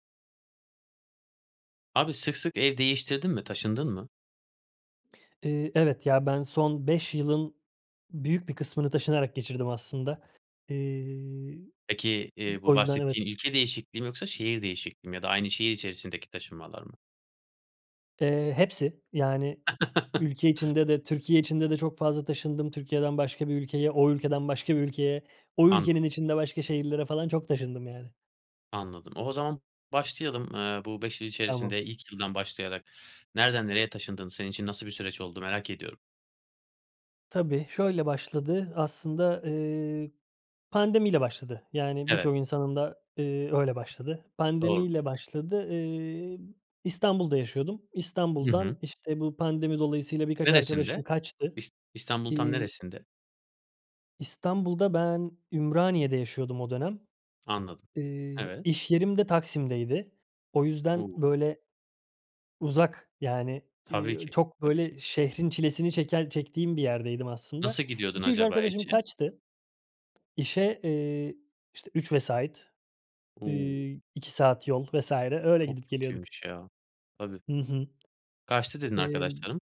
Abi sık sık ev değiştirdin mi, taşındın mı? Eee, evet, ya, ben son 5 yılın büyük bir kısmını taşınarak geçirdim aslında. Eee, Peki, m eee, bu o yüzden, evet. bahsettiğin ülke değişikliği mi yoksa şehir değişikliği mi ya da aynı şehir içerisindeki taşınmalar mı? Eee, hepsi. Yani ülke içinde de, Türkiye içinde de çok fazla taşındım. Türkiye'den başka bir ülkeye, o ülkeden başka bir ülkeye. O Anladım. ülkenin içinde başka şehirlere falan çok taşındım yani. Anladım. O o zaman başlayalım, ııı, bu 5 yıl Tamam. içerisinde ilk yıldan başlayarak nereden nereye taşındın? Senin için nasıl bir süreç oldu? Merak ediyorum. Tabii şöyle başladı aslında, ııı, pandemiyle başladı. Yani, Evet birçok insanın da, ııı, öyle başladı. Doğrudur. Pandemiyle başladı. Iıı, İstanbul'da yaşıyordum. Hı hı. İstanbul'dan, işte, bu pandemi dolayısıyla birkaç Neresinde? arkadaşım kaçtı. İs İstanbul'un tam Iıı neresinde? İstanbul'da ben Ümraniye'de yaşıyordum o dönem. Anladım. Iıı, Evet. iş yerim de Taksim'deydi. O yüzden, O! böyle, uzak, yani, Tabii ııı, ki. çok, Tabii ki. böyle, şehrin çilesini çeken çektiğim bir yerdeydim aslında. Nasıl gidiyordun 2-3 acaba? arkadaşım [unintelligible] kaçtı. İşe, ııı, işte, 3 vesait, ııı, O! 2 saat yol vs. öyle Çok gidip geliyorduk. kötüymüş ya. Tabii. Hı hı. Kaçtı dedin Imm arkadaşlarım.